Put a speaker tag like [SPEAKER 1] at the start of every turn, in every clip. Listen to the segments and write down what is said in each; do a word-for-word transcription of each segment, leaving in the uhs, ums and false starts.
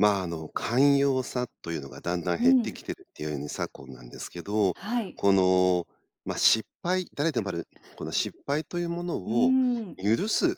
[SPEAKER 1] まあ、あの、寛容さというのがだんだん
[SPEAKER 2] う
[SPEAKER 1] 減って
[SPEAKER 2] ん。
[SPEAKER 1] きてるっていうに昨今なんですけど。
[SPEAKER 2] はい。
[SPEAKER 1] この、ま、失敗誰でもある、この失敗というもの
[SPEAKER 2] うー
[SPEAKER 1] を
[SPEAKER 2] ん。
[SPEAKER 1] 許す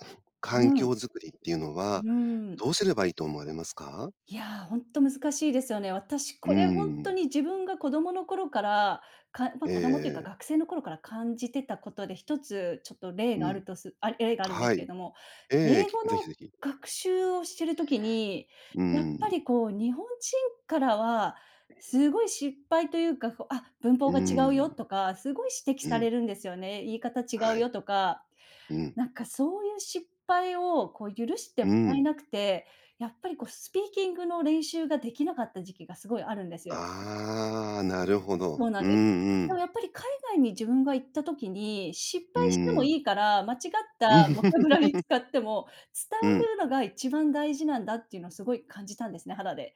[SPEAKER 2] う
[SPEAKER 1] 環境
[SPEAKER 2] ん。
[SPEAKER 1] づくりっていうの
[SPEAKER 2] う
[SPEAKER 1] は、
[SPEAKER 2] ーん。
[SPEAKER 1] どうすればいいと思われますか？
[SPEAKER 2] いや、ほんと難しいですよね。私
[SPEAKER 1] うー
[SPEAKER 2] これほんと
[SPEAKER 1] ん。
[SPEAKER 2] に自分が子供の頃から、かま、
[SPEAKER 1] ええ
[SPEAKER 2] 子供というか
[SPEAKER 1] ええ。
[SPEAKER 2] 学生の頃から感じてたことで、ひとつちょっと例
[SPEAKER 1] う
[SPEAKER 2] があ
[SPEAKER 1] ん。
[SPEAKER 2] るとすあ、例があるんで
[SPEAKER 1] は
[SPEAKER 2] すけ
[SPEAKER 1] い。
[SPEAKER 2] れども。
[SPEAKER 1] ええ、
[SPEAKER 2] 英
[SPEAKER 1] き
[SPEAKER 2] 語の
[SPEAKER 1] ぜひぜひ。
[SPEAKER 2] 学習をしてる時に、
[SPEAKER 1] うー
[SPEAKER 2] やっぱ
[SPEAKER 1] ん。
[SPEAKER 2] り、こう、日本人からは、すごい失敗というか、こう「あ、文
[SPEAKER 1] う
[SPEAKER 2] 法
[SPEAKER 1] ー
[SPEAKER 2] が違うよ」
[SPEAKER 1] ん。
[SPEAKER 2] とか、すごい指摘
[SPEAKER 1] う
[SPEAKER 2] され
[SPEAKER 1] ん。
[SPEAKER 2] るんですよね。「言い方違う
[SPEAKER 1] はい。
[SPEAKER 2] よ」とか、
[SPEAKER 1] うん。
[SPEAKER 2] なんかそういう失敗を、こう、許して
[SPEAKER 1] う
[SPEAKER 2] も
[SPEAKER 1] ー
[SPEAKER 2] らえ
[SPEAKER 1] ん。
[SPEAKER 2] なくて、やっぱり、こう、スピーキングの練習ができなかった時期がすごいあるんですよ。
[SPEAKER 1] ああ、なるほど。
[SPEAKER 2] そうなん
[SPEAKER 1] う
[SPEAKER 2] です。
[SPEAKER 1] んう
[SPEAKER 2] でも、
[SPEAKER 1] ん。
[SPEAKER 2] やっぱり、海外に自分が行った時に失
[SPEAKER 1] うー
[SPEAKER 2] 敗しても
[SPEAKER 1] ん。
[SPEAKER 2] いいから、間違ったボキャブラリー 使っても、伝
[SPEAKER 1] う
[SPEAKER 2] わ
[SPEAKER 1] ん。
[SPEAKER 2] るのが一番大事なんだっていうのをすごい感じたんですね、肌で。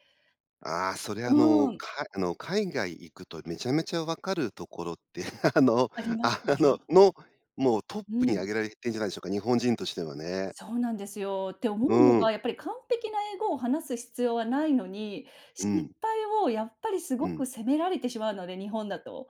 [SPEAKER 1] ああ、それ、
[SPEAKER 2] う
[SPEAKER 1] あの、
[SPEAKER 2] ーん。
[SPEAKER 1] かあの、海外行くとめちゃめちゃ分かるところって、あ
[SPEAKER 2] あ、
[SPEAKER 1] の
[SPEAKER 2] あります
[SPEAKER 1] あ
[SPEAKER 2] よね。
[SPEAKER 1] のの、もうトッ
[SPEAKER 2] う
[SPEAKER 1] プに
[SPEAKER 2] ん。
[SPEAKER 1] 挙げられてんじゃないでしょうか。日本人としてはね。
[SPEAKER 2] そうなんですよ。って
[SPEAKER 1] う
[SPEAKER 2] 思うの
[SPEAKER 1] ーん。
[SPEAKER 2] が、やっぱり、完璧な英語を話す必要はないのに、
[SPEAKER 1] う
[SPEAKER 2] 失
[SPEAKER 1] ん。
[SPEAKER 2] 敗を、やっぱり、す
[SPEAKER 1] う
[SPEAKER 2] ご
[SPEAKER 1] ん。
[SPEAKER 2] く責められてしまうので、日本だと。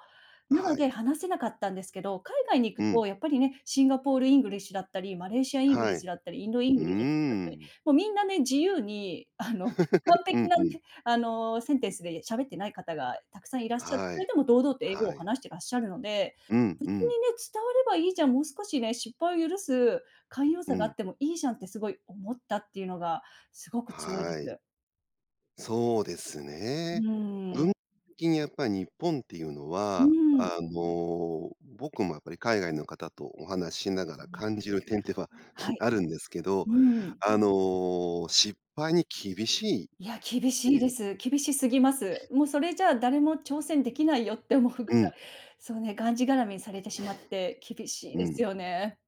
[SPEAKER 2] なの
[SPEAKER 1] はい。
[SPEAKER 2] で、話せなかったんですけど、海外に行
[SPEAKER 1] う
[SPEAKER 2] く
[SPEAKER 1] ん。
[SPEAKER 2] と、やっぱりね、シンガポールイングリッシュだったり、マレーシアイングリ
[SPEAKER 1] は
[SPEAKER 2] ッシ
[SPEAKER 1] い。
[SPEAKER 2] ュだったり、インドイン
[SPEAKER 1] うー
[SPEAKER 2] グリッシュだったり、
[SPEAKER 1] ん。
[SPEAKER 2] もうみんなね、自由に、あの、完
[SPEAKER 1] う
[SPEAKER 2] 璧
[SPEAKER 1] ん
[SPEAKER 2] な
[SPEAKER 1] うん。
[SPEAKER 2] ね、あの、センテンスで喋ってない方が沢山いらっしゃって、
[SPEAKER 1] は
[SPEAKER 2] それ
[SPEAKER 1] い。
[SPEAKER 2] でも堂々と英語を
[SPEAKER 1] はい。
[SPEAKER 2] 話してらっしゃるので、
[SPEAKER 1] うん、
[SPEAKER 2] 別に
[SPEAKER 1] うん。
[SPEAKER 2] ね、伝わればいいじゃん。もう少しね、失敗を許す寛容
[SPEAKER 1] う
[SPEAKER 2] さがあっ
[SPEAKER 1] ん。
[SPEAKER 2] てもいいじゃんって、すごい思ったっていうのが、すごく強いで
[SPEAKER 1] はい。
[SPEAKER 2] す。
[SPEAKER 1] そうです
[SPEAKER 2] う
[SPEAKER 1] ね。
[SPEAKER 2] ー
[SPEAKER 1] 文、
[SPEAKER 2] ん。
[SPEAKER 1] 的にやっぱ日本っていうの
[SPEAKER 2] うー
[SPEAKER 1] は、あ
[SPEAKER 2] ん。
[SPEAKER 1] の、僕もやっぱり海外の方とお話ししなが
[SPEAKER 2] うん。
[SPEAKER 1] ら感じる点では
[SPEAKER 2] は い。
[SPEAKER 1] あるんですけど、
[SPEAKER 2] うーん。
[SPEAKER 1] あの、失敗に厳しいっ
[SPEAKER 2] いや、厳
[SPEAKER 1] て
[SPEAKER 2] しい
[SPEAKER 1] い
[SPEAKER 2] で
[SPEAKER 1] う。
[SPEAKER 2] す。厳しすぎます。もう、それじゃあ、誰も挑戦できないよって思うぐ
[SPEAKER 1] う
[SPEAKER 2] ら
[SPEAKER 1] ん。
[SPEAKER 2] い。そうね、がんじがらめにされてしまって、厳 しい
[SPEAKER 1] う
[SPEAKER 2] です
[SPEAKER 1] ん。
[SPEAKER 2] よね。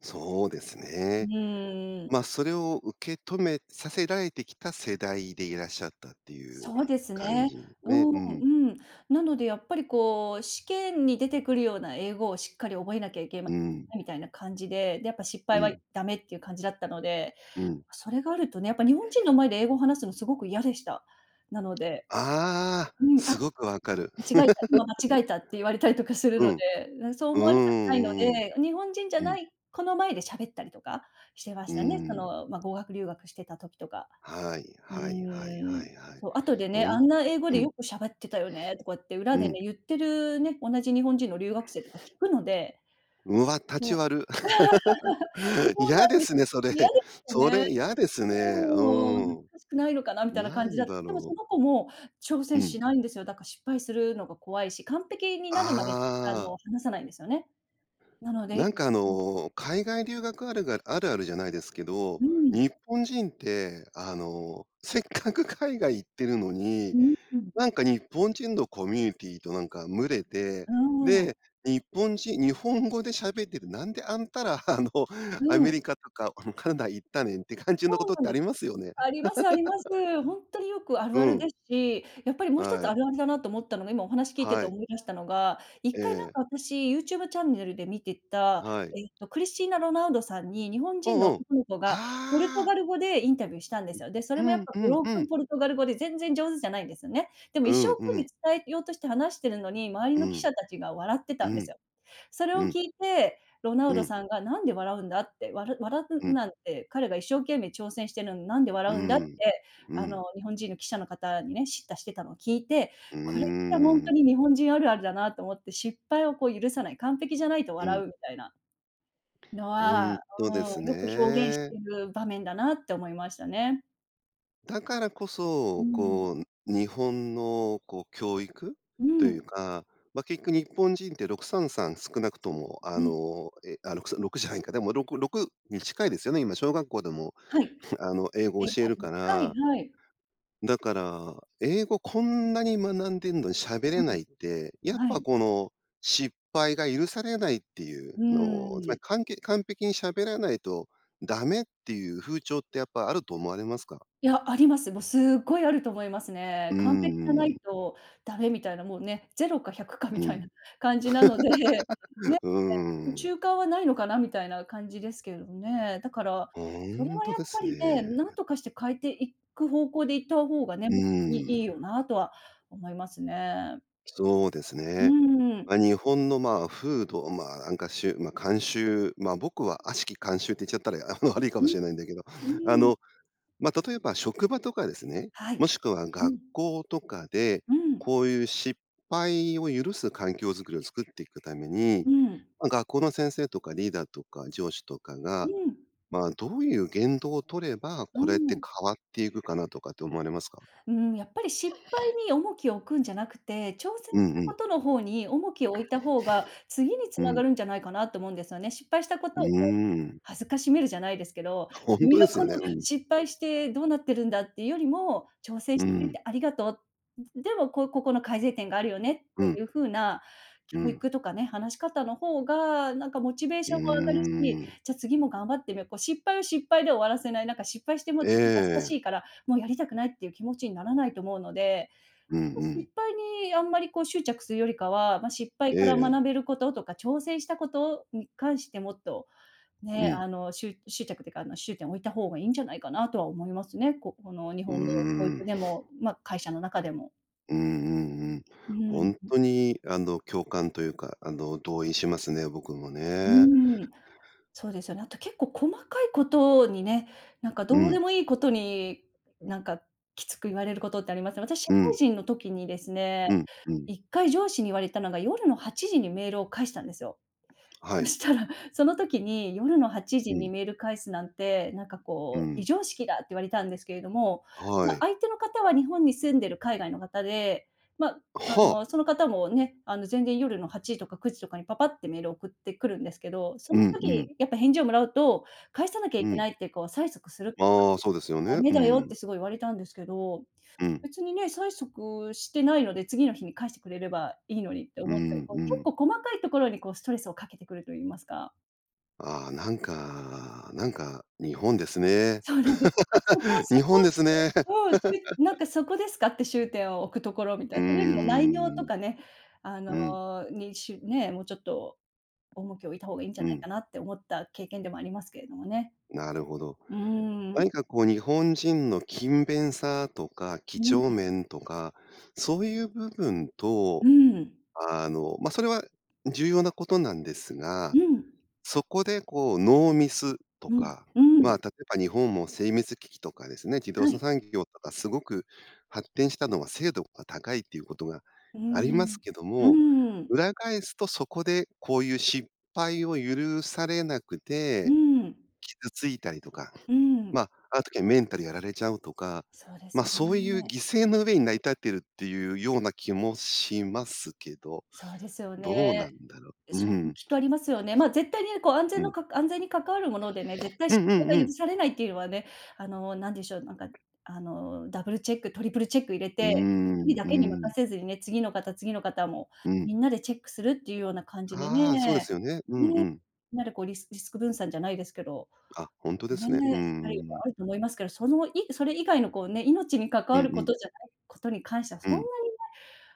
[SPEAKER 1] そうです
[SPEAKER 2] う
[SPEAKER 1] ね。
[SPEAKER 2] ーん。
[SPEAKER 1] ま、それを受け止めさせられてきた世代でいらっしゃったっていう
[SPEAKER 2] そうです
[SPEAKER 1] 感
[SPEAKER 2] ね。
[SPEAKER 1] じ
[SPEAKER 2] う
[SPEAKER 1] ね。う
[SPEAKER 2] ん
[SPEAKER 1] ん。
[SPEAKER 2] うん。なのでやっぱりこう、試験に出てくるような英語をしっかり覚えなきゃいけま
[SPEAKER 1] うん。
[SPEAKER 2] せん、みたいな感じで、で、やっぱ失
[SPEAKER 1] う
[SPEAKER 2] 敗は
[SPEAKER 1] ん。
[SPEAKER 2] ダメっていう感じだったので。
[SPEAKER 1] うん。
[SPEAKER 2] それがあるとね、やっぱ日本人の前で英語を話すのすごく嫌でした、なので。
[SPEAKER 1] ああ。
[SPEAKER 2] うん、
[SPEAKER 1] す
[SPEAKER 2] 「あ、
[SPEAKER 1] ごく分かる。
[SPEAKER 2] 間違えた、今 間違えた」って言われたりとかする
[SPEAKER 1] う
[SPEAKER 2] の
[SPEAKER 1] ん。
[SPEAKER 2] で。そう
[SPEAKER 1] うー
[SPEAKER 2] 思われたくないの
[SPEAKER 1] ん、うん。
[SPEAKER 2] で、日本人じゃ
[SPEAKER 1] うん。
[SPEAKER 2] ない子の前でしゃべったりとかしてま
[SPEAKER 1] うー
[SPEAKER 2] したね。そ
[SPEAKER 1] ん。
[SPEAKER 2] の、ま、語学留学してた時とか。
[SPEAKER 1] はい
[SPEAKER 2] う
[SPEAKER 1] はいはい
[SPEAKER 2] ー
[SPEAKER 1] は
[SPEAKER 2] ん。
[SPEAKER 1] いはい。
[SPEAKER 2] そ、後でね、
[SPEAKER 1] ほ
[SPEAKER 2] 「あ
[SPEAKER 1] ん
[SPEAKER 2] んな英語
[SPEAKER 1] う
[SPEAKER 2] で
[SPEAKER 1] ん。
[SPEAKER 2] よくしゃべってたよね」とかって裏
[SPEAKER 1] う
[SPEAKER 2] で
[SPEAKER 1] ん。
[SPEAKER 2] ね、言ってる、ね、同じ日本人の留学生とか聞くので。
[SPEAKER 1] うわ、タ
[SPEAKER 2] もう
[SPEAKER 1] チわる。
[SPEAKER 2] そうな
[SPEAKER 1] 嫌
[SPEAKER 2] ん
[SPEAKER 1] で
[SPEAKER 2] です。
[SPEAKER 1] すね、それ。
[SPEAKER 2] 嫌ですよ
[SPEAKER 1] そ
[SPEAKER 2] ね。
[SPEAKER 1] れ、嫌です
[SPEAKER 2] う
[SPEAKER 1] ね。う
[SPEAKER 2] ーん。「恥
[SPEAKER 1] ー
[SPEAKER 2] ず
[SPEAKER 1] ん。
[SPEAKER 2] かしくないのかな」みたいな
[SPEAKER 1] な
[SPEAKER 2] 感じ
[SPEAKER 1] ん
[SPEAKER 2] だで
[SPEAKER 1] だ
[SPEAKER 2] も
[SPEAKER 1] ろ
[SPEAKER 2] そ
[SPEAKER 1] う。
[SPEAKER 2] の子も挑
[SPEAKER 1] う
[SPEAKER 2] 戦
[SPEAKER 1] ん。
[SPEAKER 2] しないんですよ。だか、失敗するのが怖いし、完璧になるまであ
[SPEAKER 1] あ
[SPEAKER 2] の、
[SPEAKER 1] あ。
[SPEAKER 2] 話さないんですよね、なので
[SPEAKER 1] なん
[SPEAKER 2] い
[SPEAKER 1] かあ
[SPEAKER 2] うん。
[SPEAKER 1] の、海外留学あるがあるあるじゃないですけど、
[SPEAKER 2] うー
[SPEAKER 1] 日
[SPEAKER 2] ん。
[SPEAKER 1] 本人ってあの、せっかく海外行ってるのに、
[SPEAKER 2] うーん。
[SPEAKER 1] なんか日本人のコミュニティとなんか群れて、
[SPEAKER 2] うー
[SPEAKER 1] で、
[SPEAKER 2] ん。
[SPEAKER 1] 日本人、日本語で喋ってて、なんであんたら、あの
[SPEAKER 2] う
[SPEAKER 1] アメ
[SPEAKER 2] ん。
[SPEAKER 1] リカとか、あのカナダ行ったねんって感じ
[SPEAKER 2] そ
[SPEAKER 1] のこ
[SPEAKER 2] う
[SPEAKER 1] とっ
[SPEAKER 2] なん
[SPEAKER 1] てあ
[SPEAKER 2] で
[SPEAKER 1] り
[SPEAKER 2] す。
[SPEAKER 1] ますよね。
[SPEAKER 2] ありますあります。ほんとによくあ
[SPEAKER 1] う
[SPEAKER 2] るある
[SPEAKER 1] ん。
[SPEAKER 2] ですし、やっぱりもう一
[SPEAKER 1] は
[SPEAKER 2] つあ
[SPEAKER 1] い。
[SPEAKER 2] るあるだなと思ったのが、今お話聞いて
[SPEAKER 1] は
[SPEAKER 2] て
[SPEAKER 1] い。
[SPEAKER 2] 思い出したのが、いっ
[SPEAKER 1] え
[SPEAKER 2] かいな
[SPEAKER 1] え。
[SPEAKER 2] んか私、YouTube チャンネルで見てた、
[SPEAKER 1] はい。
[SPEAKER 2] えっとクリスティーナ・ロナウドさんに日本
[SPEAKER 1] う
[SPEAKER 2] 人
[SPEAKER 1] ん
[SPEAKER 2] の
[SPEAKER 1] うん。
[SPEAKER 2] 男の子がポルト
[SPEAKER 1] ああ。
[SPEAKER 2] ガル語でインタビューしたんですよ。で、そ
[SPEAKER 1] う
[SPEAKER 2] れもやっ
[SPEAKER 1] ん
[SPEAKER 2] ぱ
[SPEAKER 1] う
[SPEAKER 2] ブ
[SPEAKER 1] ん
[SPEAKER 2] ロー
[SPEAKER 1] う
[SPEAKER 2] クン
[SPEAKER 1] ん。
[SPEAKER 2] ポルトガル語で全然上手じゃないんですよね。でも
[SPEAKER 1] う
[SPEAKER 2] 一生
[SPEAKER 1] んう
[SPEAKER 2] 懸命
[SPEAKER 1] ん。
[SPEAKER 2] 伝えようとして話してるのに、周り
[SPEAKER 1] う
[SPEAKER 2] の記
[SPEAKER 1] ん。
[SPEAKER 2] 者たちが笑って
[SPEAKER 1] う
[SPEAKER 2] たんで
[SPEAKER 1] ん。
[SPEAKER 2] すよ。それを
[SPEAKER 1] うん。
[SPEAKER 2] 聞いて、ロナウ
[SPEAKER 1] う
[SPEAKER 2] ド
[SPEAKER 1] ん。
[SPEAKER 2] さんが「何で笑うんだ？」って、わら笑
[SPEAKER 1] う
[SPEAKER 2] う
[SPEAKER 1] ん。
[SPEAKER 2] なんて、「彼が一生懸命挑戦してるのに何で
[SPEAKER 1] うー
[SPEAKER 2] 笑うんだ」っ
[SPEAKER 1] ん、
[SPEAKER 2] て、
[SPEAKER 1] う
[SPEAKER 2] あの
[SPEAKER 1] ん。
[SPEAKER 2] 日本人の記者の方にね、叱咤してたのを聞いて、
[SPEAKER 1] うー
[SPEAKER 2] これってほんと
[SPEAKER 1] ん。
[SPEAKER 2] に日本人あるあるだなと思って、失敗をこう許さない、完璧じゃないと
[SPEAKER 1] う
[SPEAKER 2] 笑
[SPEAKER 1] ん。
[SPEAKER 2] うみたいなの
[SPEAKER 1] ほん
[SPEAKER 2] は、
[SPEAKER 1] と
[SPEAKER 2] うー
[SPEAKER 1] で
[SPEAKER 2] ん、
[SPEAKER 1] す
[SPEAKER 2] よく表現し
[SPEAKER 1] ね。
[SPEAKER 2] てる場面だなって思いましたね。
[SPEAKER 1] だからこ
[SPEAKER 2] う
[SPEAKER 1] そ、
[SPEAKER 2] ん。
[SPEAKER 1] こう、日本のこう教育
[SPEAKER 2] う
[SPEAKER 1] という
[SPEAKER 2] ん。
[SPEAKER 1] か、ま、結局日本人ってろくさんさん少なくとも、あ
[SPEAKER 2] うん。
[SPEAKER 1] の、え、あ、ろくさん、ろくじゃないんか。でもろく-ろくに近いですよね、今、小学校でも、
[SPEAKER 2] はい。
[SPEAKER 1] あの、英語を
[SPEAKER 2] 英語
[SPEAKER 1] 教える
[SPEAKER 2] 始め
[SPEAKER 1] か
[SPEAKER 2] て、はい
[SPEAKER 1] ら
[SPEAKER 2] はい。
[SPEAKER 1] だから、英語、こんなに学んでんのに喋れ
[SPEAKER 2] う
[SPEAKER 1] な
[SPEAKER 2] ん。
[SPEAKER 1] いって、やっ
[SPEAKER 2] は
[SPEAKER 1] ぱ
[SPEAKER 2] い。
[SPEAKER 1] この、失敗が許されないってい
[SPEAKER 2] う
[SPEAKER 1] うのを、つま
[SPEAKER 2] ーん。
[SPEAKER 1] りかんけ完璧に喋らないとダメ、っていう風潮って、やっぱあると思われますか？
[SPEAKER 2] いや、あります。もうすっごいあると思います
[SPEAKER 1] う
[SPEAKER 2] ね。
[SPEAKER 1] ー
[SPEAKER 2] 完璧じゃな
[SPEAKER 1] ん。
[SPEAKER 2] いとダメみたいな、もうね、ぜろかひゃくか
[SPEAKER 1] う
[SPEAKER 2] みたいな
[SPEAKER 1] ん。
[SPEAKER 2] 感じなので、ね、
[SPEAKER 1] うーん。
[SPEAKER 2] 中間はないのかな、みたいな感じですけどね。だから、
[SPEAKER 1] ほ
[SPEAKER 2] それ
[SPEAKER 1] ん
[SPEAKER 2] は
[SPEAKER 1] と
[SPEAKER 2] やっ
[SPEAKER 1] で
[SPEAKER 2] ぱ
[SPEAKER 1] すね。
[SPEAKER 2] りね、何とかして変えていく方向で行った方がね、ほん
[SPEAKER 1] う
[SPEAKER 2] とに、いい
[SPEAKER 1] ん。
[SPEAKER 2] よなとは思いますね。
[SPEAKER 1] そうです
[SPEAKER 2] う
[SPEAKER 1] ね。
[SPEAKER 2] ーん。
[SPEAKER 1] ま、日本の、まあ、風土、うん、ま、なんかしゅま、慣習、ま、僕は、悪しき慣習って言っちゃったら、いあの、悪いか
[SPEAKER 2] う
[SPEAKER 1] も
[SPEAKER 2] ん。
[SPEAKER 1] しれないんだけど。
[SPEAKER 2] う
[SPEAKER 1] あ
[SPEAKER 2] ーん。
[SPEAKER 1] の、ま、例えば、職場とかですね、
[SPEAKER 2] はい。
[SPEAKER 1] もしくは、
[SPEAKER 2] う
[SPEAKER 1] 学
[SPEAKER 2] ん。
[SPEAKER 1] 校とかで、
[SPEAKER 2] うん。
[SPEAKER 1] こういう失敗を許す環境作りを作っていくために、
[SPEAKER 2] うん。
[SPEAKER 1] ま、学校の先生とか、リーダーとか、上司とか
[SPEAKER 2] う
[SPEAKER 1] が、
[SPEAKER 2] ん。
[SPEAKER 1] まあ、どういう言動を取れば、
[SPEAKER 2] う
[SPEAKER 1] これって
[SPEAKER 2] ん。
[SPEAKER 1] 変わっていくかなとかって思われますか？
[SPEAKER 2] うん、やっぱり失敗に重きを置くんじゃなくて、挑戦
[SPEAKER 1] う
[SPEAKER 2] し
[SPEAKER 1] ん
[SPEAKER 2] た
[SPEAKER 1] う
[SPEAKER 2] こ
[SPEAKER 1] ん。
[SPEAKER 2] との方に、重きを置いた方が、次につ
[SPEAKER 1] う
[SPEAKER 2] な
[SPEAKER 1] ん。
[SPEAKER 2] がるんじゃないかなと思うんですよね。失敗したこ
[SPEAKER 1] う
[SPEAKER 2] と
[SPEAKER 1] ー
[SPEAKER 2] をこ
[SPEAKER 1] ん。
[SPEAKER 2] う、辱めるじゃないですけど、
[SPEAKER 1] ほん
[SPEAKER 2] 「君
[SPEAKER 1] と
[SPEAKER 2] が
[SPEAKER 1] です
[SPEAKER 2] こ
[SPEAKER 1] よ
[SPEAKER 2] の
[SPEAKER 1] ね。うん。
[SPEAKER 2] 失敗してどうなってるんだ」って言うよりも、「挑戦
[SPEAKER 1] う
[SPEAKER 2] してくれ
[SPEAKER 1] ん。
[SPEAKER 2] てありがとう。でも、こう、ここの改善点があるよね」っ
[SPEAKER 1] うん。
[SPEAKER 2] ていう風な
[SPEAKER 1] う
[SPEAKER 2] 教
[SPEAKER 1] ん。
[SPEAKER 2] 育とかね、話し方の方が、なんかモチベー
[SPEAKER 1] う
[SPEAKER 2] ションも上がるし、
[SPEAKER 1] ーん。
[SPEAKER 2] じゃ、次も頑張ってみよう、こう失敗を失敗で終わらせない、なんか失敗しても、ちょっと恥ずかし
[SPEAKER 1] ええ。
[SPEAKER 2] いから、もうやりたくないっていう気持ちにならないと思うので、
[SPEAKER 1] うん
[SPEAKER 2] こと
[SPEAKER 1] うん。
[SPEAKER 2] 失敗にあんまりこう執着するよりかは、ま、失敗
[SPEAKER 1] え
[SPEAKER 2] から
[SPEAKER 1] え。
[SPEAKER 2] 学べることとか、挑戦したことに関して、もっと、
[SPEAKER 1] う
[SPEAKER 2] ね、あ
[SPEAKER 1] ん。
[SPEAKER 2] の、しゅ執着っていうか、あの、終点を置いた方がいいんじゃないかな、とは思いますね。ここの日
[SPEAKER 1] うー
[SPEAKER 2] 本の教育
[SPEAKER 1] ん。
[SPEAKER 2] でも、ま、会社の中でも。
[SPEAKER 1] うんうんうん。
[SPEAKER 2] う
[SPEAKER 1] ほ
[SPEAKER 2] ー
[SPEAKER 1] ん
[SPEAKER 2] ん。
[SPEAKER 1] とにあの共感というか、あの同意しますね、僕も
[SPEAKER 2] う
[SPEAKER 1] ね。
[SPEAKER 2] ん。そうですよね。あと結構細かいことにね、なんか
[SPEAKER 1] う
[SPEAKER 2] どうで
[SPEAKER 1] ん。
[SPEAKER 2] もいいことに、なんかきつく言われることってあります。私社
[SPEAKER 1] う
[SPEAKER 2] 会
[SPEAKER 1] ん。
[SPEAKER 2] 人の時にですね、
[SPEAKER 1] うん、う
[SPEAKER 2] い
[SPEAKER 1] ん。
[SPEAKER 2] っかい上司に言われたのが夜のはちじにメールを返したんですよ。
[SPEAKER 1] は
[SPEAKER 2] そ
[SPEAKER 1] い。
[SPEAKER 2] したら、その時に「夜のはちじ
[SPEAKER 1] う
[SPEAKER 2] に
[SPEAKER 1] ん。
[SPEAKER 2] メール返すなんて、なんか
[SPEAKER 1] う
[SPEAKER 2] こう、非
[SPEAKER 1] ん。
[SPEAKER 2] 常識だ」って言われたんですけれども。
[SPEAKER 1] は
[SPEAKER 2] ま、
[SPEAKER 1] い。
[SPEAKER 2] 相手の方は日本に住んでる海外の方で、ま、あ
[SPEAKER 1] は
[SPEAKER 2] の
[SPEAKER 1] あ。
[SPEAKER 2] その方もね、あの全然夜のはちじとかくじとかにパパッてメール送ってくるんですけど、そ
[SPEAKER 1] う
[SPEAKER 2] の
[SPEAKER 1] んうん。
[SPEAKER 2] 時やっぱ返事をもらうと、返さなきゃ
[SPEAKER 1] う
[SPEAKER 2] いけ
[SPEAKER 1] ん。
[SPEAKER 2] ないってこう催促するとか
[SPEAKER 1] あ、そうですよ
[SPEAKER 2] ダ
[SPEAKER 1] ね。
[SPEAKER 2] メ
[SPEAKER 1] う
[SPEAKER 2] だよって
[SPEAKER 1] ん。
[SPEAKER 2] すごい言われたんですけど。
[SPEAKER 1] うん。
[SPEAKER 2] 別にね、催促してないので次の日に返してくれればいいのにって
[SPEAKER 1] う
[SPEAKER 2] 思ったり、
[SPEAKER 1] ん
[SPEAKER 2] こう
[SPEAKER 1] う
[SPEAKER 2] 結
[SPEAKER 1] ん。
[SPEAKER 2] 構細かいところにこうストレスをかけてくると言いますか。
[SPEAKER 1] ああ、なんか、なんか日本ですね。
[SPEAKER 2] そうなんです。そこ そ
[SPEAKER 1] 日
[SPEAKER 2] こ
[SPEAKER 1] 本
[SPEAKER 2] っ
[SPEAKER 1] で
[SPEAKER 2] て。
[SPEAKER 1] すね。
[SPEAKER 2] うん、しなんか そこですかって、しゅうてんを置くところみた
[SPEAKER 1] う
[SPEAKER 2] い
[SPEAKER 1] ー
[SPEAKER 2] な、それよりも内容と
[SPEAKER 1] ん。
[SPEAKER 2] かね、あ
[SPEAKER 1] う
[SPEAKER 2] の
[SPEAKER 1] ん。
[SPEAKER 2] に、しね、もうちょっと重きを置いた方がいんじゃ
[SPEAKER 1] う
[SPEAKER 2] ない
[SPEAKER 1] ん。
[SPEAKER 2] かなって思った経験でもありますけれどもね。
[SPEAKER 1] なるほど。
[SPEAKER 2] うん。
[SPEAKER 1] 何かこう日本人の勤勉さとか、几
[SPEAKER 2] う
[SPEAKER 1] 帳
[SPEAKER 2] ん。
[SPEAKER 1] 面とか、そういう部分と
[SPEAKER 2] うん。
[SPEAKER 1] あの、ま、それは重要なことなんです
[SPEAKER 2] う
[SPEAKER 1] が、
[SPEAKER 2] ん。
[SPEAKER 1] そこでこうノーミスと
[SPEAKER 2] うん、
[SPEAKER 1] か、
[SPEAKER 2] う
[SPEAKER 1] ま、
[SPEAKER 2] ん。
[SPEAKER 1] 例えば日本も精密機器とかですね、自動
[SPEAKER 2] は
[SPEAKER 1] 車
[SPEAKER 2] い。
[SPEAKER 1] 産業とかすごく発展したのは精度が高いということが
[SPEAKER 2] う
[SPEAKER 1] あります
[SPEAKER 2] ん、
[SPEAKER 1] けど
[SPEAKER 2] う
[SPEAKER 1] も、
[SPEAKER 2] ん。
[SPEAKER 1] 裏返すとそこでこういう失敗を許されなく
[SPEAKER 2] う
[SPEAKER 1] て、
[SPEAKER 2] ん。
[SPEAKER 1] 傷ついたりとか。
[SPEAKER 2] うん。
[SPEAKER 1] ま、ある時はメンタルやられちゃうとか、
[SPEAKER 2] そうで
[SPEAKER 1] ま、
[SPEAKER 2] す
[SPEAKER 1] そういう犠
[SPEAKER 2] ね。
[SPEAKER 1] 牲の上に成り立っているっていうような気もしますけど、
[SPEAKER 2] そうですよ
[SPEAKER 1] どうな
[SPEAKER 2] ね。
[SPEAKER 1] んだろう。う
[SPEAKER 2] それも
[SPEAKER 1] ん。
[SPEAKER 2] きっとありますよね。ま、絶対に、こう安
[SPEAKER 1] う
[SPEAKER 2] 全の
[SPEAKER 1] ん。
[SPEAKER 2] か安全に関わるものでね、絶対
[SPEAKER 1] う
[SPEAKER 2] 失
[SPEAKER 1] んうんう
[SPEAKER 2] 敗が許
[SPEAKER 1] ん。
[SPEAKER 2] されないっていうのはね、あのなんでしょう、なんかあのダブルチェック、トリプルチェック入れ
[SPEAKER 1] う
[SPEAKER 2] て、ひとり
[SPEAKER 1] ん
[SPEAKER 2] だ
[SPEAKER 1] う
[SPEAKER 2] けに任
[SPEAKER 1] ん。
[SPEAKER 2] せずにね、次の方、次の方も
[SPEAKER 1] う
[SPEAKER 2] み
[SPEAKER 1] ん。
[SPEAKER 2] んなでチェックするっていうような感じで
[SPEAKER 1] ああ、そうで
[SPEAKER 2] ね。
[SPEAKER 1] すよね。うん
[SPEAKER 2] ね。
[SPEAKER 1] うん。
[SPEAKER 2] なでこうリスリスク分散じゃないですけど、
[SPEAKER 1] あ、ほんとで
[SPEAKER 2] ね、
[SPEAKER 1] すね。う
[SPEAKER 2] し
[SPEAKER 1] ん
[SPEAKER 2] たりが
[SPEAKER 1] うん。
[SPEAKER 2] あると思いますけど、そのいそれ以外のこうね、命に関
[SPEAKER 1] う
[SPEAKER 2] わ
[SPEAKER 1] ん
[SPEAKER 2] る
[SPEAKER 1] う
[SPEAKER 2] こ
[SPEAKER 1] ん。
[SPEAKER 2] とじゃないことに関しては
[SPEAKER 1] う
[SPEAKER 2] そんな
[SPEAKER 1] ん。
[SPEAKER 2] にね、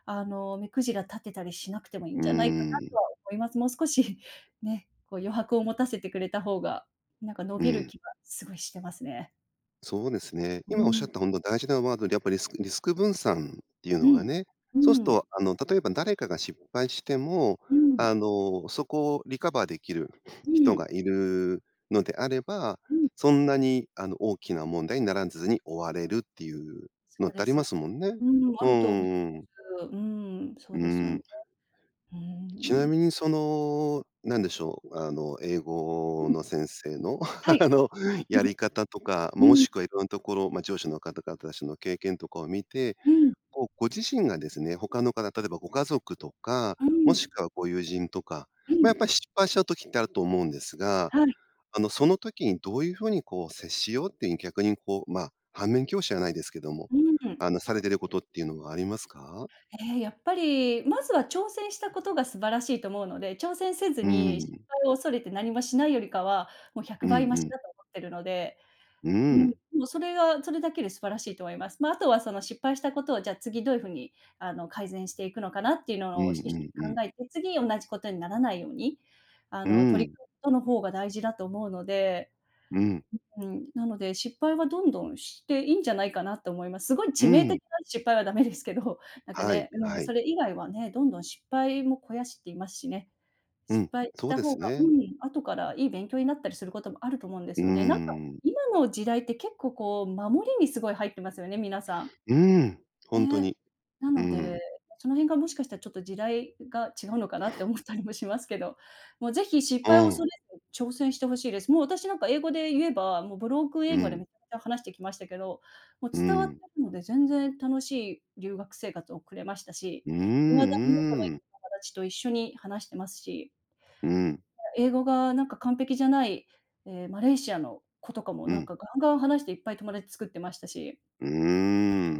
[SPEAKER 2] あの、目くじら立てたりしなくてもいん
[SPEAKER 1] うー
[SPEAKER 2] じゃないかな
[SPEAKER 1] ん。
[SPEAKER 2] とは思います。もう少し、ね、こう余白を持たせてくれた方が、なんか伸
[SPEAKER 1] う
[SPEAKER 2] びる
[SPEAKER 1] ん。
[SPEAKER 2] 気はすごいしてますね。
[SPEAKER 1] そうですね。
[SPEAKER 2] う
[SPEAKER 1] 今おっしゃっ
[SPEAKER 2] ん。
[SPEAKER 1] た本当大事なワードでやっぱ、リスクリスク分散っていう
[SPEAKER 2] う
[SPEAKER 1] のが
[SPEAKER 2] ん、
[SPEAKER 1] ね。
[SPEAKER 2] う
[SPEAKER 1] そうすっ
[SPEAKER 2] ん。
[SPEAKER 1] とあの、例えば誰かが失敗しても、
[SPEAKER 2] う
[SPEAKER 1] あ
[SPEAKER 2] ん。
[SPEAKER 1] の、そこをリカバーできる
[SPEAKER 2] う
[SPEAKER 1] 人
[SPEAKER 2] ん。
[SPEAKER 1] がいるのであれば、
[SPEAKER 2] うん。
[SPEAKER 1] そんなに、あの、大きな問題にならずに終われるっていう
[SPEAKER 2] そ
[SPEAKER 1] のっ
[SPEAKER 2] う
[SPEAKER 1] て
[SPEAKER 2] で
[SPEAKER 1] あり
[SPEAKER 2] す
[SPEAKER 1] ま
[SPEAKER 2] よ。
[SPEAKER 1] すもんね。
[SPEAKER 2] うん、あ
[SPEAKER 1] うん
[SPEAKER 2] ると思い
[SPEAKER 1] う
[SPEAKER 2] ま
[SPEAKER 1] んうん。
[SPEAKER 2] す。うん、そう
[SPEAKER 1] う
[SPEAKER 2] ですよね。
[SPEAKER 1] ん。
[SPEAKER 2] うー
[SPEAKER 1] ちな
[SPEAKER 2] ん。
[SPEAKER 1] みにその、何でしょう。あの、英語
[SPEAKER 2] うん。
[SPEAKER 1] の先生の、
[SPEAKER 2] はい。
[SPEAKER 1] あの、や り方とか、ま、
[SPEAKER 2] う
[SPEAKER 1] も
[SPEAKER 2] ん。
[SPEAKER 1] しくは色んなところ、ま、上司の方々達の経験とかを見て、
[SPEAKER 2] うん。
[SPEAKER 1] こう、ご自身がですね、他の方、例えばご家族とか、
[SPEAKER 2] う
[SPEAKER 1] も
[SPEAKER 2] ん。
[SPEAKER 1] しくはご友人とか、
[SPEAKER 2] う
[SPEAKER 1] ま、やっ
[SPEAKER 2] ん。
[SPEAKER 1] ぱり失敗した時ってあると思うんですが、
[SPEAKER 2] はい。
[SPEAKER 1] あの、その時にどういう風にこう接しようっていう逆にこう、ま、反面教師じゃないですけども、
[SPEAKER 2] うーん。
[SPEAKER 1] あの、されていることっていうのはありますか？
[SPEAKER 2] ええ、やっぱり、まずは挑戦したことが素晴らしいと思うので、挑戦せず
[SPEAKER 1] う
[SPEAKER 2] に失
[SPEAKER 1] ん。
[SPEAKER 2] 敗を恐れて何もしないよりかは、もうひゃ
[SPEAKER 1] う
[SPEAKER 2] く
[SPEAKER 1] ん
[SPEAKER 2] ばいま
[SPEAKER 1] う
[SPEAKER 2] し
[SPEAKER 1] ん。
[SPEAKER 2] だと思ってるので、
[SPEAKER 1] う
[SPEAKER 2] うん、
[SPEAKER 1] ん。
[SPEAKER 2] もうそれが、それだけで素晴らしいと思います。まあ、あとはその失敗したことをじゃあ次どういう風に、あの、改善していくのかなっていう
[SPEAKER 1] う
[SPEAKER 2] のを、お
[SPEAKER 1] ん
[SPEAKER 2] し、一
[SPEAKER 1] うんう
[SPEAKER 2] 緒に
[SPEAKER 1] ん。
[SPEAKER 2] 考えて、次同じことにならないように、あ
[SPEAKER 1] う
[SPEAKER 2] の、取り
[SPEAKER 1] ん。
[SPEAKER 2] 組むことの方が大事だと思うので、
[SPEAKER 1] うん。
[SPEAKER 2] うん、なので、失敗はどんどんしていいんじゃないかなと思います。すごい
[SPEAKER 1] う
[SPEAKER 2] 致命
[SPEAKER 1] ん。
[SPEAKER 2] 的な失敗はダメですけど、なんか
[SPEAKER 1] はい
[SPEAKER 2] ね、う
[SPEAKER 1] は
[SPEAKER 2] ん、そ
[SPEAKER 1] い。
[SPEAKER 2] れ以外はね、どんどん失敗も肥やしって言いますしね。
[SPEAKER 1] う
[SPEAKER 2] 失
[SPEAKER 1] ん、
[SPEAKER 2] 敗し
[SPEAKER 1] そう
[SPEAKER 2] た
[SPEAKER 1] で
[SPEAKER 2] 方
[SPEAKER 1] す
[SPEAKER 2] が、う
[SPEAKER 1] ね。
[SPEAKER 2] ん、後からいい勉強になったりすることもあると思うんで
[SPEAKER 1] う
[SPEAKER 2] す
[SPEAKER 1] ー
[SPEAKER 2] よね。なんか、
[SPEAKER 1] ん。
[SPEAKER 2] 今の時代って結構こう守りにすごい入ってますよね、皆さん。
[SPEAKER 1] うん、本当
[SPEAKER 2] ね、
[SPEAKER 1] に。
[SPEAKER 2] な
[SPEAKER 1] う
[SPEAKER 2] ので、
[SPEAKER 1] ん。
[SPEAKER 2] その辺がもしかしたらちょっと時代が違うのかなって思ったりもしますけど、もうぜひ失
[SPEAKER 1] う
[SPEAKER 2] 敗を
[SPEAKER 1] ん。
[SPEAKER 2] 恐れずに挑戦して欲しいです。もう私なんか英語で言えば、もうブロークン
[SPEAKER 1] う
[SPEAKER 2] 英語で
[SPEAKER 1] ん。
[SPEAKER 2] めっちゃ話してきましたけど、もう
[SPEAKER 1] う
[SPEAKER 2] 伝わって
[SPEAKER 1] ん。
[SPEAKER 2] るので全然楽しい留学生活を送れましたし、
[SPEAKER 1] うーん、
[SPEAKER 2] いまだに仲のいい
[SPEAKER 1] うーん。
[SPEAKER 2] お友達と一緒に話してますし。
[SPEAKER 1] うん。
[SPEAKER 2] 英語がなんか完璧じゃない、ええ、マレーシアの子とかも
[SPEAKER 1] う
[SPEAKER 2] なん
[SPEAKER 1] ん。
[SPEAKER 2] かガンガン話していっぱい友達作ってましたし。
[SPEAKER 1] うー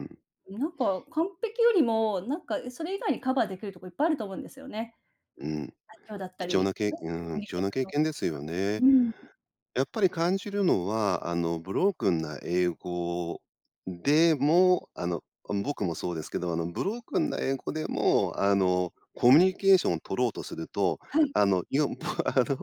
[SPEAKER 1] ん。
[SPEAKER 2] ん、なんか完璧よりも、なんかそれ以外にカバーできるとこいっぱいあると思うんですよね。
[SPEAKER 1] うん、
[SPEAKER 2] 愛嬌だった
[SPEAKER 1] 貴重な
[SPEAKER 2] り、
[SPEAKER 1] けい
[SPEAKER 2] うん、
[SPEAKER 1] あ、う
[SPEAKER 2] コ
[SPEAKER 1] ん、
[SPEAKER 2] ミュニ
[SPEAKER 1] 貴
[SPEAKER 2] ケ
[SPEAKER 1] 重
[SPEAKER 2] ーシ
[SPEAKER 1] な
[SPEAKER 2] ョン
[SPEAKER 1] 経
[SPEAKER 2] 能
[SPEAKER 1] 験ですよね。
[SPEAKER 2] 力とか、うん。
[SPEAKER 1] やっぱり感じるのは、あの、ブロークンな英語で
[SPEAKER 2] [unintelligible]
[SPEAKER 1] も、あの、あん僕もそうですけど、あのブロークンな英語でも、あの、コミュニケーションを取ろうとすると、
[SPEAKER 2] はい。
[SPEAKER 1] あの、いよ あの、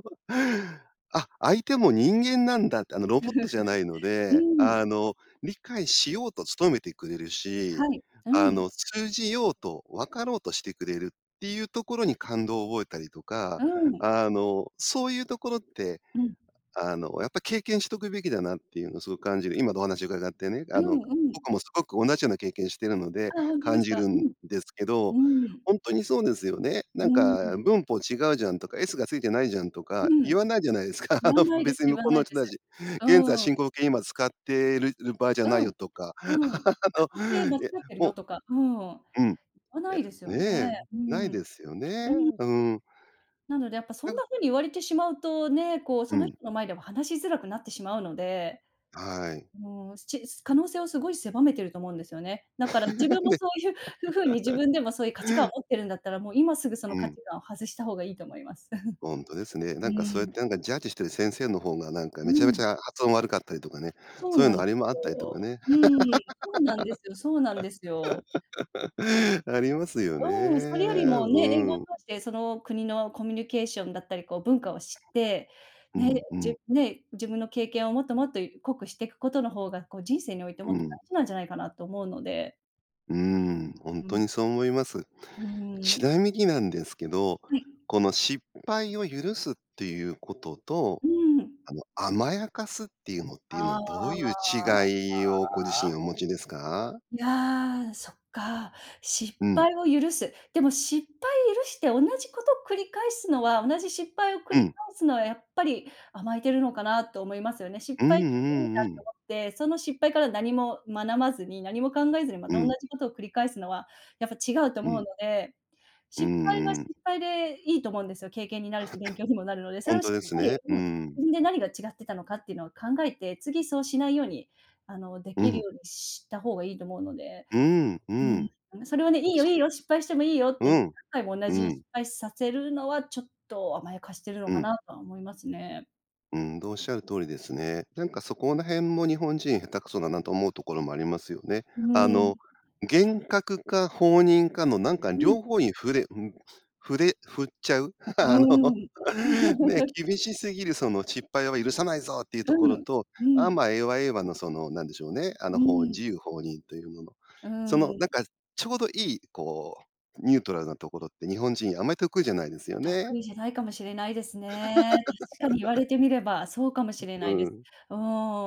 [SPEAKER 1] あ、相手も人間なんだって、あのロボットじゃないの
[SPEAKER 2] う
[SPEAKER 1] で、あ
[SPEAKER 2] ん。
[SPEAKER 1] の、理解しようと努めてくれるし、
[SPEAKER 2] はい、う
[SPEAKER 1] あ
[SPEAKER 2] ん。
[SPEAKER 1] の通じようと分かろうとしてくれるっていうところに感動を覚えたりとか、
[SPEAKER 2] うん。
[SPEAKER 1] あの、そういうところって、
[SPEAKER 2] うん。
[SPEAKER 1] あの、やっぱ経験しとくべきだなっていうのをすごく感じる。今のお話を伺ってね。
[SPEAKER 2] う
[SPEAKER 1] あ
[SPEAKER 2] ん
[SPEAKER 1] の、
[SPEAKER 2] うん。
[SPEAKER 1] 僕もすごく同じような経験しているので
[SPEAKER 2] あ、本当で
[SPEAKER 1] 感
[SPEAKER 2] す
[SPEAKER 1] じ
[SPEAKER 2] か？
[SPEAKER 1] る
[SPEAKER 2] う
[SPEAKER 1] ん
[SPEAKER 2] ん。
[SPEAKER 1] ですけど、
[SPEAKER 2] うん。
[SPEAKER 1] ほんとにそうですよね。な
[SPEAKER 2] う
[SPEAKER 1] んか
[SPEAKER 2] ん。
[SPEAKER 1] 文法違うじゃんとか、S がついてないじゃんと
[SPEAKER 2] う
[SPEAKER 1] か、
[SPEAKER 2] ん。
[SPEAKER 1] 言わないじゃないですか。
[SPEAKER 2] 言
[SPEAKER 1] あ
[SPEAKER 2] わ
[SPEAKER 1] の、
[SPEAKER 2] ないで
[SPEAKER 1] 別
[SPEAKER 2] す
[SPEAKER 1] に
[SPEAKER 2] 言
[SPEAKER 1] 向
[SPEAKER 2] わ
[SPEAKER 1] こう
[SPEAKER 2] な
[SPEAKER 1] の
[SPEAKER 2] い
[SPEAKER 1] 人
[SPEAKER 2] です。
[SPEAKER 1] 達。現在
[SPEAKER 2] うん。
[SPEAKER 1] 進行形今使ってるる、場合じゃな
[SPEAKER 2] うん。
[SPEAKER 1] いよとか、
[SPEAKER 2] うん。
[SPEAKER 1] あ
[SPEAKER 2] 過去形
[SPEAKER 1] の、
[SPEAKER 2] 間違
[SPEAKER 1] いや、
[SPEAKER 2] ってる
[SPEAKER 1] もう。
[SPEAKER 2] よとか、うん。言
[SPEAKER 1] うん。い
[SPEAKER 2] わな
[SPEAKER 1] や、
[SPEAKER 2] いですよ
[SPEAKER 1] ね、
[SPEAKER 2] ね。う
[SPEAKER 1] な
[SPEAKER 2] ん。
[SPEAKER 1] い
[SPEAKER 2] う
[SPEAKER 1] で
[SPEAKER 2] ん。
[SPEAKER 1] すよね。うん。
[SPEAKER 2] なのでやっぱそ
[SPEAKER 1] な
[SPEAKER 2] ん
[SPEAKER 1] んか。
[SPEAKER 2] な 風に言われてしまうと、ね、こう、
[SPEAKER 1] う
[SPEAKER 2] その
[SPEAKER 1] ん。
[SPEAKER 2] 人の前では話しづらくなってしまうので、
[SPEAKER 1] はい。
[SPEAKER 2] もう、すち、す、可能性をすごい狭めてると思うんですよね。だから自 分も
[SPEAKER 1] で。
[SPEAKER 2] そういう風に自分でもそういう価値観を 持ってるんだったら、もう今すぐその
[SPEAKER 1] う
[SPEAKER 2] 価
[SPEAKER 1] ん。
[SPEAKER 2] 値観を外した方がいいと思います。
[SPEAKER 1] ほんとです ね。
[SPEAKER 2] う
[SPEAKER 1] なんかそうやっ
[SPEAKER 2] ん。
[SPEAKER 1] て、なんか、ジャッジしている先生の方が、なんか、
[SPEAKER 2] う
[SPEAKER 1] めちゃめち
[SPEAKER 2] ん。
[SPEAKER 1] ゃ発音悪かったりとかね、
[SPEAKER 2] そ
[SPEAKER 1] そ
[SPEAKER 2] う
[SPEAKER 1] ういう
[SPEAKER 2] な
[SPEAKER 1] の
[SPEAKER 2] んで
[SPEAKER 1] ありも、あっ
[SPEAKER 2] す
[SPEAKER 1] たりとか
[SPEAKER 2] よ。
[SPEAKER 1] ね。
[SPEAKER 2] うん、そうなんですよ、そうなんですよ。ね。
[SPEAKER 1] ありますよね、
[SPEAKER 2] うん、それよりもね、
[SPEAKER 1] う
[SPEAKER 2] 英語を
[SPEAKER 1] ん。
[SPEAKER 2] 通して、その国のコミュニケーションだったり、こう文化を知って、
[SPEAKER 1] う
[SPEAKER 2] ね、
[SPEAKER 1] んうん。
[SPEAKER 2] じね、自分の経験をもっともっと、濃くしていくことの方が、こう人生において
[SPEAKER 1] う
[SPEAKER 2] もっと
[SPEAKER 1] ん。
[SPEAKER 2] 大事なんじゃないかなと思うので。
[SPEAKER 1] うん、ほん
[SPEAKER 2] う
[SPEAKER 1] と
[SPEAKER 2] ん。
[SPEAKER 1] にそう思います。
[SPEAKER 2] う
[SPEAKER 1] ち
[SPEAKER 2] ん。
[SPEAKER 1] なみになんですけど、
[SPEAKER 2] はい。
[SPEAKER 1] この失敗を許すっていうことと、
[SPEAKER 2] うん。
[SPEAKER 1] あの、甘やかすっていうのっていう
[SPEAKER 2] あ
[SPEAKER 1] のど
[SPEAKER 2] あ、
[SPEAKER 1] ういう
[SPEAKER 2] あ
[SPEAKER 1] 違いをご自身お
[SPEAKER 2] あ。
[SPEAKER 1] 持ちですか？
[SPEAKER 2] いや、そっか。失
[SPEAKER 1] うん。
[SPEAKER 2] 敗を許す。でも失敗許して同じことを繰り返すのは同じ失敗を繰
[SPEAKER 1] う
[SPEAKER 2] り
[SPEAKER 1] ん。
[SPEAKER 2] 返すのはやっぱり、甘えてるのかなと思いますよね。失
[SPEAKER 1] うんう
[SPEAKER 2] 敗してもいいな
[SPEAKER 1] んう
[SPEAKER 2] と
[SPEAKER 1] ん。
[SPEAKER 2] 思って、その失敗から何もまなまずに、何も考えずにま
[SPEAKER 1] う
[SPEAKER 2] た同
[SPEAKER 1] ん。
[SPEAKER 2] じことを繰り返すのは、やっぱ違うと
[SPEAKER 1] う
[SPEAKER 2] 思うの
[SPEAKER 1] ん。
[SPEAKER 2] で。
[SPEAKER 1] うん
[SPEAKER 2] 失敗は
[SPEAKER 1] うん。
[SPEAKER 2] 失敗でいいと思うんですよ。経験になるし勉 強にもなるので。そ
[SPEAKER 1] ほ
[SPEAKER 2] れ
[SPEAKER 1] ん
[SPEAKER 2] を
[SPEAKER 1] と
[SPEAKER 2] しっ
[SPEAKER 1] です
[SPEAKER 2] かり、
[SPEAKER 1] ね。う
[SPEAKER 2] うん、
[SPEAKER 1] ん。
[SPEAKER 2] 自分で何が違ってたのかっていうのを考えて、次そうしないように、あので
[SPEAKER 1] う
[SPEAKER 2] きる
[SPEAKER 1] ん。
[SPEAKER 2] ようにした方がいいと思うので。
[SPEAKER 1] うん、うん。
[SPEAKER 2] うん、それはね、いいよ
[SPEAKER 1] そ
[SPEAKER 2] いいよ、失敗してもいいよっ
[SPEAKER 1] うで
[SPEAKER 2] て、
[SPEAKER 1] う
[SPEAKER 2] 何
[SPEAKER 1] ん、
[SPEAKER 2] 回も同
[SPEAKER 1] う
[SPEAKER 2] じ失
[SPEAKER 1] ん。
[SPEAKER 2] 敗させるのはちょっと甘やかしてるの
[SPEAKER 1] う
[SPEAKER 2] か
[SPEAKER 1] ん。
[SPEAKER 2] なとは思いますね。
[SPEAKER 1] ほんとおっしゃる通りですね。なんかそこら辺も日本人下手くそだなと思うところもありますよね。
[SPEAKER 2] う
[SPEAKER 1] あ
[SPEAKER 2] ん。
[SPEAKER 1] の、厳格か放任かのなんか
[SPEAKER 2] うん。
[SPEAKER 1] 両方に振れうん、振れ振っちゃう。あ
[SPEAKER 2] う
[SPEAKER 1] の、
[SPEAKER 2] ん。
[SPEAKER 1] ね、厳しすぎるその失敗は許さないぞっていうと
[SPEAKER 2] う
[SPEAKER 1] ころ
[SPEAKER 2] ん、
[SPEAKER 1] と、
[SPEAKER 2] う
[SPEAKER 1] あ、
[SPEAKER 2] ん。
[SPEAKER 1] ま、ええわええわのその何でしょうね、あ
[SPEAKER 2] う
[SPEAKER 1] の、ほう
[SPEAKER 2] ん。
[SPEAKER 1] 自由放任というもの。
[SPEAKER 2] う
[SPEAKER 1] その
[SPEAKER 2] ん。
[SPEAKER 1] なんかちょうどいいこうニュートラルなところって日本人あんまり得意じゃないですよね。
[SPEAKER 2] 得意じゃないかもしれないですね。確かに言われ てみればそうかもしれ
[SPEAKER 1] う
[SPEAKER 2] ないで
[SPEAKER 1] ん。
[SPEAKER 2] す。う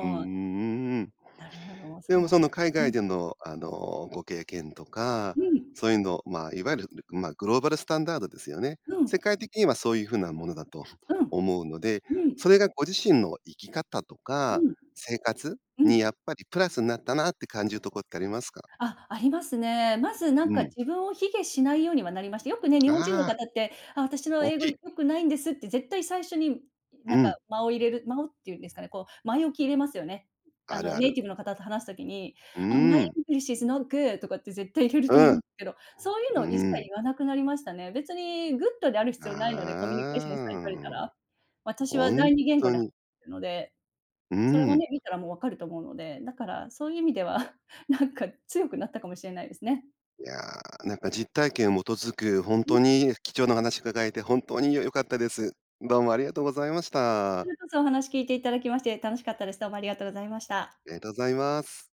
[SPEAKER 1] うんうん
[SPEAKER 2] ん。
[SPEAKER 1] うんうん。
[SPEAKER 2] なるほど、
[SPEAKER 1] で
[SPEAKER 2] そう
[SPEAKER 1] も
[SPEAKER 2] だっ
[SPEAKER 1] その
[SPEAKER 2] た
[SPEAKER 1] 海
[SPEAKER 2] う
[SPEAKER 1] 外
[SPEAKER 2] ん。
[SPEAKER 1] での、あの、ご経験とか、
[SPEAKER 2] うん。
[SPEAKER 1] そういうの、まあ、いわゆる、ま、グローバルスタンダードですよね。
[SPEAKER 2] う
[SPEAKER 1] 世
[SPEAKER 2] ん。
[SPEAKER 1] 界的にはそういう風なものだと
[SPEAKER 2] うん。
[SPEAKER 1] 思うので、
[SPEAKER 2] う
[SPEAKER 1] そ
[SPEAKER 2] ん。
[SPEAKER 1] れがご自身の生き方と
[SPEAKER 2] う
[SPEAKER 1] か
[SPEAKER 2] ん。
[SPEAKER 1] 生活
[SPEAKER 2] う
[SPEAKER 1] にや
[SPEAKER 2] ん。
[SPEAKER 1] っぱりプラスになったなって感じるとこってありますか？
[SPEAKER 2] あ、ありますね。まずなん
[SPEAKER 1] う
[SPEAKER 2] か
[SPEAKER 1] ん。
[SPEAKER 2] 自分を卑下しないようにはなりました。よくね、日本人の
[SPEAKER 1] ああ。
[SPEAKER 2] 方って、「あ、私の
[SPEAKER 1] 大
[SPEAKER 2] 英
[SPEAKER 1] き
[SPEAKER 2] 語
[SPEAKER 1] い。
[SPEAKER 2] 良くないんです」って、絶対最初にな
[SPEAKER 1] う
[SPEAKER 2] んか、
[SPEAKER 1] ん。
[SPEAKER 2] 間を入れる間をっていうんですかね、こう、前置き入れますよね。あ
[SPEAKER 1] ある
[SPEAKER 2] の
[SPEAKER 1] あ
[SPEAKER 2] ネイ
[SPEAKER 1] る。
[SPEAKER 2] ティブの方と話す時に、
[SPEAKER 1] う
[SPEAKER 2] あ、My
[SPEAKER 1] ん。
[SPEAKER 2] English is not good. とかって絶対入れると思
[SPEAKER 1] う
[SPEAKER 2] うん
[SPEAKER 1] ん。
[SPEAKER 2] ですけど、そういう
[SPEAKER 1] う
[SPEAKER 2] の一切
[SPEAKER 1] ん。
[SPEAKER 2] 言わなくなりましたね。別にグッドである必要ないので、コミュニケーションさえ
[SPEAKER 1] あ
[SPEAKER 2] 取れた
[SPEAKER 1] あ。
[SPEAKER 2] ら、私
[SPEAKER 1] ほ
[SPEAKER 2] は
[SPEAKER 1] んっ
[SPEAKER 2] 第二言語
[SPEAKER 1] と
[SPEAKER 2] では
[SPEAKER 1] に。
[SPEAKER 2] るので、
[SPEAKER 1] う
[SPEAKER 2] それは
[SPEAKER 1] ん。
[SPEAKER 2] ね、見たらもう分かると思うので。だからそういう意味では なんか強くなったかもしれないですね。
[SPEAKER 1] いや、なんか実体験を基づく、ほん
[SPEAKER 2] うん。
[SPEAKER 1] とに貴重なお話伺えて本当によ良かったです。どうもありがとうございまし
[SPEAKER 2] こち
[SPEAKER 1] た。
[SPEAKER 2] らこそお話聞いていただきまして楽しかったです。どうもありがとうございました。
[SPEAKER 1] えとざいます。